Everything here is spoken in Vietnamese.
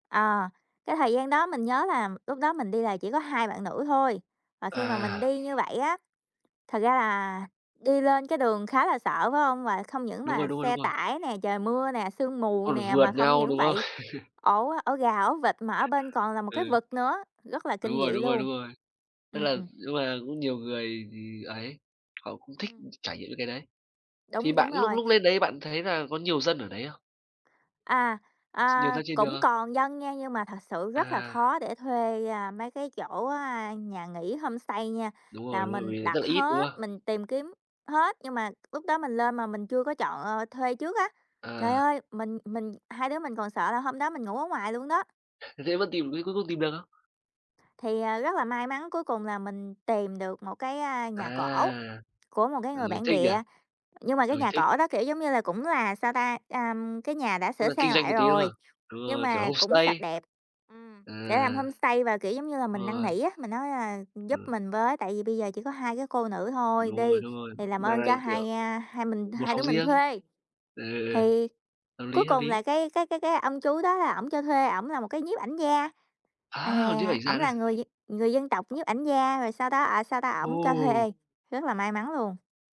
Ờ, cái thời gian đó mình nhớ là lúc đó mình đi là chỉ có 2 bạn nữ thôi. Mà khi mà mình À. đi như vậy á thật ra là đi lên cái đường khá là sợ, phải hông? Và không những Đúng rồi, mà đúng rồi, đúng xe rồi. tải nè, trời mưa nè, sương mù Còn nè, vượt mà không nhau, những đúng không? vậy ổ ổ gà, ổ vịt mà ở bên còn là một cái Ừ. vực nữa, rất là Đúng kinh dị rồi, đúng rồi, luôn. đúng rồi. Tức là Ừm. nhưng mà cũng nhiều người ấy, họ cũng thích Ừm. trải nghiệm những cái đấy. Thì Đúng, đúng bạn lúc rồi. lúc lên đấy bạn thấy là có nhiều dân ở đấy không? À, Nhiều à, dân trên đường cũng không? còn dân nha, nhưng mà thật sự rất là À. khó để thuê, à, mấy cái chỗ, a, nhà nghỉ homestay nha, Đúng là rồi, đúng rồi, mình vì rất đặt là ít, đúng hết, không? mình tìm kiếm hết, nhưng mà lúc đó mình lên mà mình chưa có chọn, ờ, thuê trước á. Trời À. ơi, mình mình hai đứa mình còn sợ là hôm đó mình ngủ ở ngoài luôn đó. Th thế vẫn tìm, thế cuối cùng tìm được không? Thì, à, rất là may mắn cuối cùng là mình tìm được một cái, a, nhà cổ À! của một cái Ừ, người bản thích nhỉ. địa. Nhưng mà cái Ừ, nhà thích. cổ đó, kiểu, giống như là, cũng là, sao ta, ờm, cái nhà đã Cũng sửa là kinh sang doanh một lại tí luôn à? rồi, Đúng nhưng rồi, kiểu mà cũng sạch homestay. đẹp. Ừm, để làm À. homestay và, kiểu, giống như là, Đúng mình năn rồi. nỉ á, mình nói, à, giúp Ừm. mình với, tại vì bây giờ chỉ có 2 cái cô nữ thôi Đúng rồi, đi đúng rồi, thì làm ơn mà, cho kiểu, hai, a, hai mình 1 hai đứa phòng mình riêng. thuê, Ừ, ừ, ừ. thì Hợp cuối lý, hợp cùng lý. là cái cái cái cái ông chú đó là ổng cho thuê, ổng là một cái nhiếp ảnh gia. Á, nhiếp À, ảnh ổng là gia! người d người dân tộc nhiếp ảnh gia rồi sau đó, à, sao ta, ổng cho Ồ. thuê, rất là may mắn luôn.